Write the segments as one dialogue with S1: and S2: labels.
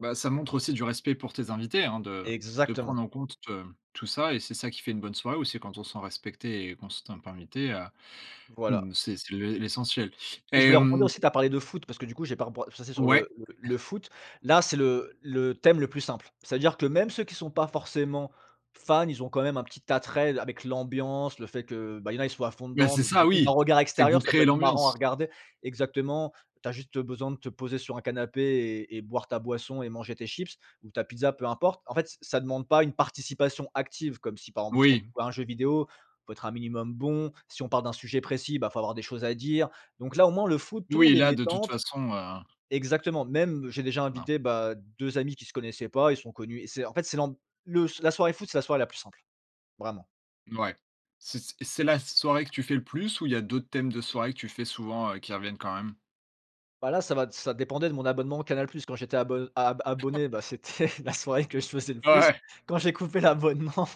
S1: Bah, ça montre aussi du respect pour tes invités, hein, de de
S2: Exactement.
S1: prendre en compte, heu, tout ça et c'est ça qui fait une bonne soirée aussi, quand on se sent respecté et qu'on se ten pas invité, heu,
S2: Voilà.
S1: mmh, c'est c'est l'é l'essentiel
S2: Et je
S1: et
S2: voulais rebondir
S1: hem
S2: aussi, tu as parlé de foot parce que du coup, j'ai pas reb heu, je suis passé sur le
S1: Ouais.
S2: le le foot. Là, c'est le le thème le plus simple. C'est-à-dire que, même ceux qui sont pas forcément fans, ils ont quand même un petit attrait avec l'ambiance, le fait que, heu, bah ils y en a, ils soient à fond
S1: Mais
S2: dedans,
S1: c'est
S2: donc
S1: ça,
S2: du coup, d'un
S1: oui,
S2: regard
S1: c'est que vous
S2: extérieur, ça peut
S1: créez
S2: être marrant à
S1: l'ambiance!
S2: regarder, exactement, tu as juste besoin de te poser sur un canapé et et boire ta boisson et manger tes chips ou ta pizza, peu importe. En fait, c ça demande pas une participation active, comme si par exemple, quand tu
S1: Oui.
S2: joues à un jeu vidéo, il faut être un minimum bon, si on parle d'un sujet précis, bah, il faut avoir des choses à dire. Donc, là, au moins, le foot, tout le
S1: Oui,
S2: monde est
S1: là, de toute
S2: détente
S1: façon, heu
S2: exactement, même, j'ai déjà
S1: Voilà.
S2: invité, bah, 2 amis qui se connaissaient pas, ils se sont connus et c'est en fait, c'est l'amb le la soirée foot, c'est la soirée la plus simple, vraiment.
S1: N ouais, c c c'est la soirée que tu fais le plus, où il y a d'autres thèmes de soirée que tu fais souvent, heu, qui reviennent quand même?
S2: Bah là, ça va ça dépendait de mon abonnement Canal Plus. Quand j'étais abo ab abonné, bah c'était la soirée que je faisais le
S1: Ouais,
S2: plus.
S1: ouais.
S2: Quand j'ai coupé l'abonnement,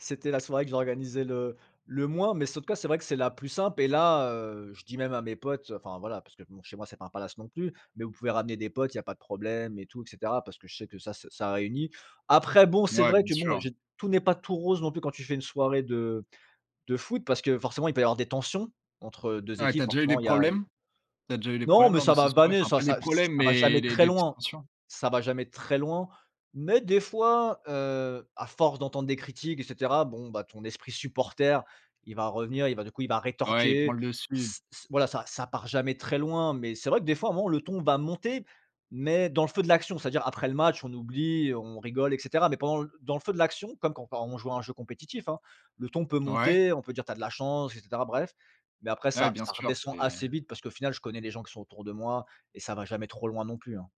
S2: c'était la soirée que j'organisais le le moins, mais sau en tout cas, c'est vrai que c'est la plus simple et là, heu, je dis même à mes potes, enfin, voilà, parce que, bon, chez moi, c'est pas un palace, non plus, mais vous pouvez ramener des potes, il y'a pas de problème et tout, et cetera, parce que je sais que ça se ça réunit. Après bon, c'est
S1: Ouais,
S2: vrai
S1: bien
S2: que bon,
S1: sûr.
S2: j'ai tout n'est pas tout rose non plus quand tu fais une soirée de de foot, parce que forcément, il peut y avoir des tensions entre 2
S1: Ouais, tu
S2: équipes,
S1: as déjà eu des
S2: forcément il y a il y
S1: problèmes? Tu as déjà eu des
S2: Non,
S1: problèmes
S2: mais
S1: lors de
S2: ça
S1: ces
S2: va
S1: soirées?
S2: vanner,
S1: Enfin
S2: ça
S1: pas des
S2: ça c
S1: problèmes,
S2: ça va
S1: mais
S2: jamais
S1: des
S2: très
S1: des petites
S2: loin
S1: tensions?
S2: ça va jamais très loin, mais des fois, heu, à force d'entendre des critiques et cetera, bon, bah, ton esprit supporter, il va revenir, il va du coup, il va
S1: Ouais, il prend
S2: rétorquer,
S1: le dessus.
S2: s s voilà, ça ça part jamais très loin mais c'est vrai que des fois, à un moment le ton va monter mais dans le feu de l'action, c'est à dire après le match, on oublie et on rigole et cetera, mais pendant l dans le feu de l'action comme quand quand on joue à un jeu compétitif, hein, le ton peut
S1: Ouais.
S2: monter, on peut dire: «Tu as de la chance!» et cetera, bref, mais après
S1: Ouais,
S2: ça
S1: bien
S2: ça
S1: sûr.
S2: redescend assez
S1: C'est
S2: vite parce qu'au final, je connais les gens qui sont autour de moi et ça va jamais trop loin, non plus, hein.